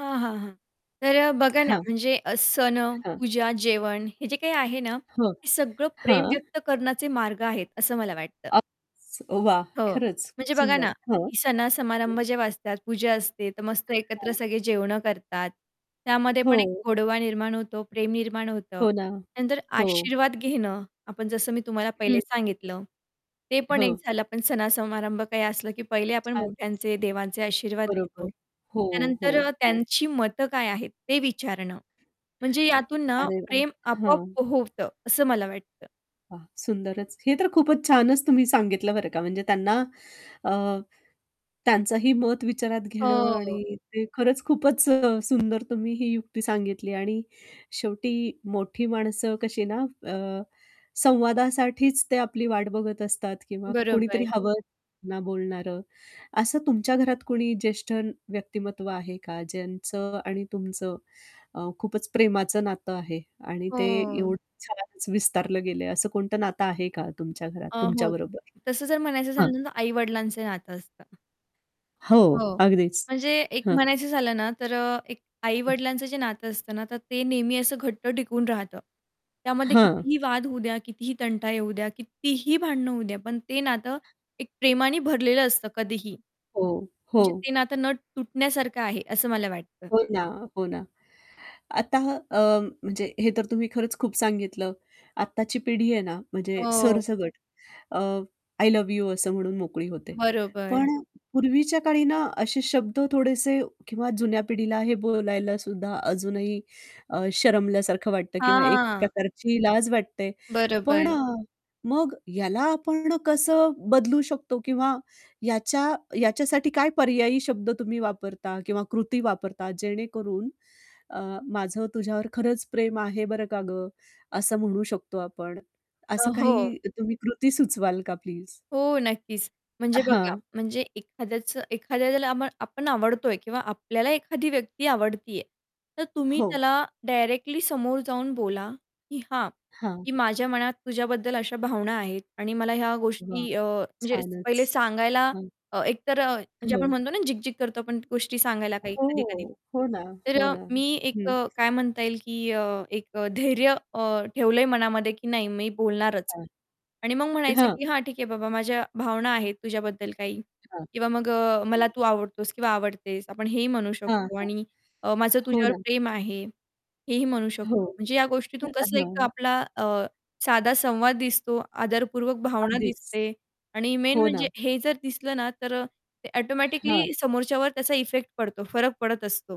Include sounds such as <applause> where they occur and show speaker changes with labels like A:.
A: हां, हां, हां. तर बघा ना,
B: हां.
A: म्हणजे अ, सण,
B: हां.
A: पूजा, जेवण, हे जे काही आहे ना,
B: हो.
A: हे सगळं प्रेम
B: हां.
A: व्यक्त करण्याचे मार्ग आहेत, असं मला वाटतं.
B: अस वाह!
A: हो.
B: खरंच, खूप
A: म्हणजे बघा
B: सुंदर.
A: ना,
B: हं.
A: की
B: हं.
A: सण-समारंभ जेव्हा असतात, पूजा असते, तर मस्त एकत्र
B: हां.
A: सगळे जेवणं करतात. त्यामध्ये पण एक
B: हो.
A: गोडवा निर्माण होतो, प्रेम निर्माण होतं.
B: हो ना.
A: त्यानंतर
B: हो.
A: आशीर्वाद घेणं, आपण जसं मी तुम्हाला
B: हं.
A: पहिले सांगितलं, ते पण एक
B: हो.
A: झालं. पण सण-समारंभ काही असलं, की पहिले आपण
B: छानच!
A: मोठ्यांचे, देवांचे आशीर्वाद
B: बरोबर.
A: घेतो.
B: हो, हो,
A: त्यानंतर अ,
B: हो.
A: त्यांची मतं काय आहेत, ते विचारणं. म्हणजे यातून ना,
B: अरे वाह,
A: प्रेम आपोआप
B: हां.
A: पो होतं, असं मला वाटतं.
B: हां, सुंदरच. हे तर खूपच छानच तुम्ही सांगितलं, बरं का. म्हणजे त्यांना अ, त्यांचंही मत विचारात घेणं.
A: हो.
B: आणि ते खरंच खूपच अ, सुंदर, तुम्ही ही युक्ती सांगितली आणि शेवटी मोठी माणसं कशी ना, अ, संवादासाठीच ते आपली वाट बघत असतात किंवा
A: बरोबर.
B: कोणीतरी हवं <unintelligible> ना बोलणार. असं तुमच्या घरात कुणी ज्येष्ठ व्यक्तिमत्व आहे का, ज्यांचं आणि तुमचं अ, खूपच प्रेमाचं नातं आहे आणि ते
A: हो.
B: एवढं छानच विस्तारलं गेलंय, असं कोणतं नातं आहे का तुमच्या घरात,
A: अ,
B: तुमच्या
A: हो
B: बरोबर?
A: तसं जर म्हणायचं
B: हां.
A: झालं तर आई-वडिलांचं नातं असतं.
B: हो
A: हो.
B: अगदीच,
A: म्हणजे एक
B: हं.
A: म्हणायचं झालं ना, तर अ, एक
B: हं.
A: आई-वडिलांचं जे नातं असतं ना, तर ते नेहमी असं घट्ट टिकून राहतं. त्यामध्ये
B: हं.
A: कितीही वाद होऊ द्या, कितीही तंटा येऊ द्या, कितीही भांडणं होऊ द्या, पण ते नातं एक प्रेमानी भरलेलं असतं, कधीही.
B: हो,
A: म्हणजे
B: हो.
A: ते नातं न तुटण्यासारखं आहे, असं मला वाटतं.
B: हो ना, हो ना. आता अ, म्हणजे हे तर तुम्ही खरंच खूप सांगितलं. आत्ताची पिढी आहे ना, म्हणजे
A: हो.
B: सरसकट अ, "आय लव्ह यू" असं म्हणून मोकळी होते.
A: बरोबर.
B: पण अ, पूर्वीच्या काळी ना, असे शब्द थोडेसे किंवा जुन्या पिढीला हे बोलायला सुद्धा अजूनही अ, शरमल्यासारखं वाटतं किंवा एक
A: हां.
B: प्रकारची लाज वाटते. पण
A: बरोबर.
B: अ, मग ह्याला आपण कसं बदलू शकतो? किंवा याच्या याच्यासाठी काय पर्यायी शब्द तुम्ही वापरता किंवा कृती वापरता, जेणेकरून अ, "माझं तुझ्यावर खरंच प्रेम आहे, बरं का गं!" असं म्हणू शकतो आपण?
A: अ,
B: असं
A: हो.
B: काही तुम्ही कृती सुचवाल का, प्लीज?
A: हो, नक्कीच. म्हणजे बघा,
B: हां.
A: म्हणजे एखाद्याचं, एखाद्याला ज्याला आपण आवडतोय किंवा आपल्याला एखादी व्यक्ती आवडती आहे, तर तुम्ही
B: हो.
A: त्याला डायरेक्टली समोर जाऊन बोला, की "हां,
B: हां.
A: की माझ्या मनात तुझ्याबद्दल अशा भावना आहेत." आणि मला ह्या
B: वाह!
A: गोष्टी अ, म्हणजे
B: छानच,
A: पहिले सांगायला
B: हां.
A: एकतर अ, म्हणजे आपण
B: हो.
A: म्हणतो ना, झिग-झिग करतो आपण गोष्टी सांगायला, काही
B: हो, हो.
A: कधी-कधी,
B: हो ना,
A: तर
B: हो
A: अ,
B: ना.
A: मी एक
B: हं.
A: अ, काय म्हणता येईल, की अ, एक धैर्य अ, ठेवलंय मनामध्ये, की "नाही, मी बोलणारच." आणि मग
B: <unintelligible>
A: म्हणायचं,
B: हं.
A: की "हां, ठीक आहे बाबा, माझ्या भावना आहेत तुझ्याबद्दल काही."
B: अच्छा.
A: किंवा मग अ,
B: हं.
A: "मला तू आवडतोस किंवा आवडतेस," आपण हेही म्हणू
B: हां,
A: शकतो.
B: हां.
A: आणि अ, "माझं
B: हो
A: तुझ्यावर
B: ना.
A: प्रेम आहे." हेही म्हणू
B: हो.
A: शकतो. म्हणजे या गोष्टीतून
B: <unintelligible>
A: कसलं एक,
B: हां.
A: आपला अ, साधा संवाद दिसतो, आदरपूर्वक भावना
B: अगदीच.
A: दिसते आणि मेन
B: हो ना.
A: म्हणजे हे जर दिसलं ना, तर अ, ते
B: हां.
A: ऑटोमॅटिकली समोरच्यावर त्याचा इफेक्ट पडतो, फरक पडत असतो.